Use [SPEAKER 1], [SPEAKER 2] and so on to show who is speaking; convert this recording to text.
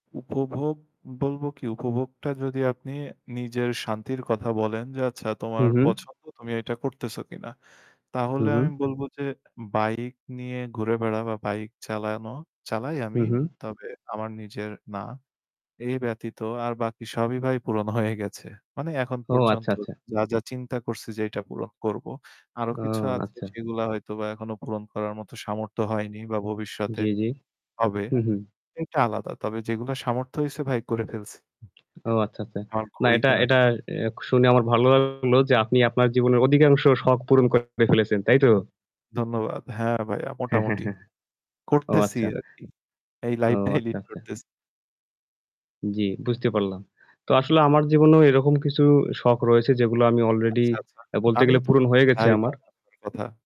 [SPEAKER 1] উপভোগ বলব কি? উপভোগটা যদি আপনি নিজের শান্তির কথা বলেন যে, আচ্ছা
[SPEAKER 2] হু,
[SPEAKER 1] তোমার
[SPEAKER 2] হু।
[SPEAKER 1] পছন্দ তুমি এটা করতেছো কিনা?
[SPEAKER 2] হু,
[SPEAKER 1] তাহলে আমি
[SPEAKER 2] হু।
[SPEAKER 1] বলব যে bike নিয়ে ঘুরে বেড়ানো বা bike চালানো, চালাই
[SPEAKER 2] হু,
[SPEAKER 1] আমি
[SPEAKER 2] হু।
[SPEAKER 1] তবে আমার নিজের না। এই ব্যতীত আর বাকি সবই ভাই পূরণ হয়ে গেছে। মানে এখন
[SPEAKER 2] ও আচ্ছা,
[SPEAKER 1] পর্যন্ত
[SPEAKER 2] আচ্ছা।
[SPEAKER 1] যা, যা চিন্তা করছি যেইটা পূরণ করব আরো
[SPEAKER 2] ও
[SPEAKER 1] কিছু আছে
[SPEAKER 2] আচ্ছা।
[SPEAKER 1] সেগুলা হয়তোবা এখনো পূরণ করার মত সামর্থ্য হয়নি বা ভবিষ্যতে
[SPEAKER 2] জি, জি।
[SPEAKER 1] হবে,
[SPEAKER 2] হু, হু।
[SPEAKER 1] এটা আলাদা। তবে যেগুলা সামর্থ্য হইছে ভাই করে ফেলছি।
[SPEAKER 2] ও আচ্ছা, আচ্ছা।
[SPEAKER 1] আমার
[SPEAKER 2] না
[SPEAKER 1] ঘড়ি
[SPEAKER 2] এটা
[SPEAKER 1] কেনার
[SPEAKER 2] এটা
[SPEAKER 1] শখ।
[SPEAKER 2] এক শুনে আমার ভালো লাগলো যে আপনি আপনার জীবনের অধিকাংশ শখ পূরণ করে ফেলেছেন। তাই তো?
[SPEAKER 1] ধন্যবাদ। হ্যাঁ, ভাইয়া
[SPEAKER 2] হ্যাঁ, হ্যাঁ,
[SPEAKER 1] মোটামুটি।
[SPEAKER 2] হ্যাঁ। ও
[SPEAKER 1] করতেছি
[SPEAKER 2] আচ্ছা।
[SPEAKER 1] আরকি। এই
[SPEAKER 2] ও
[SPEAKER 1] life টাই
[SPEAKER 2] আচ্ছা,
[SPEAKER 1] lead
[SPEAKER 2] আচ্ছা।
[SPEAKER 1] করতেছি।
[SPEAKER 2] জি, বুঝতে পারলাম। তো আসলে আমার জীবনেও এরকম কিছু শখ রয়েছে যেগুলো আমি already
[SPEAKER 1] আচ্ছা, আচ্ছা।
[SPEAKER 2] আ বলতে গেলে
[SPEAKER 1] আমিও তো
[SPEAKER 2] পূরণ
[SPEAKER 1] শুনতে
[SPEAKER 2] হয়ে গেছে
[SPEAKER 1] চাই
[SPEAKER 2] আমার।
[SPEAKER 1] [unintelligible] আপনার কথা।